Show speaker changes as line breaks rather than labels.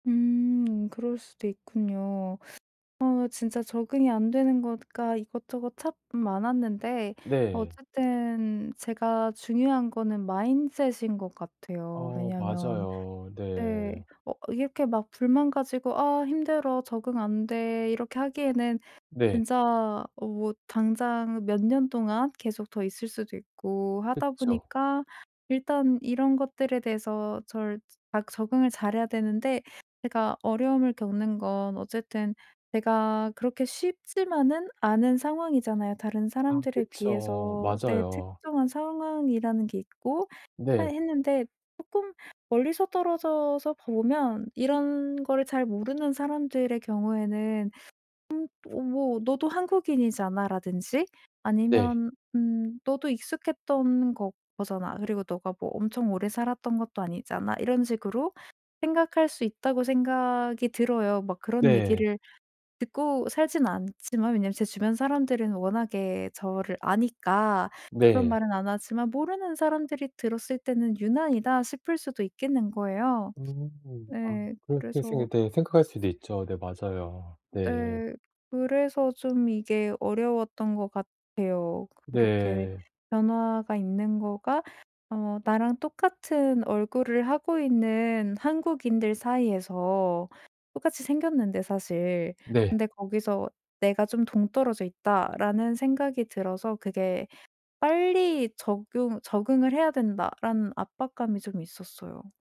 음 그럴 수도 있군요. 어 진짜 적응이 안 되는 거가 이것저것 참 많았는데
네.
어쨌든 제가 중요한 거는 mindset 인 것 같아요.
어
왜냐하면
맞아요.
네
네.
어 이렇게 막 불만 가지고 '아 힘들어 적응 안 돼.' 이렇게 하기에는
네.
진짜 어 뭐 당장 몇 년 동안 계속 더 있을 수도 있고 하다
그쵸.
보니까 일단 이런 것들에 대해서 절 막 적응을 잘해야 되는데 제가 어려움을 겪는 건 어쨌든 내가 그렇게 쉽지만은 않은 상황이잖아요 다른
아
사람들에
그쵸.
비해서. 내
맞아요.
특정한 상황이라는 게 있고 해
네.
했는데 쪼끔 멀리서 떨어져서 보면 이런 거를 잘 모르는 사람들의 경우에는 '음 어 뭐 너도 한국인이잖아.'라든지
네.
아니면 '음 너도 익숙했던 거 거잖아. 그리고 너가 뭐 엄청 오래 살았던 것도 아니잖아.' 이런 식으로 생각할 수 있다고 생각이 들어요. 막 그런
네.
얘기를 듣고 살진 않지만 왜냐면 제 주변 사람들은 워낙에 저를 아니까 그런
네.
말은 안 하지만 모르는 사람들이 들었을 때는 '유난이다.' 싶을 수도 있겠는 거예요.
음 아
예
그렇게 생각
그래서
네 생각할 수도 있죠. 네 맞아요. 네.
네 그래서 좀 이게 어려웠던 것 같아요. 그렇게
네.
변화가 있는 거가 어 나랑 똑같은 얼굴을 하고 있는 한국인들 사이에서 똑같이 생겼는데 사실
네.
근데 거기서 '내가 좀 동떨어져 있다.'라는 생각이 들어서 그게 '빨리 적용 적응을 해야 된다.'라는 압박감이 좀 있었어요.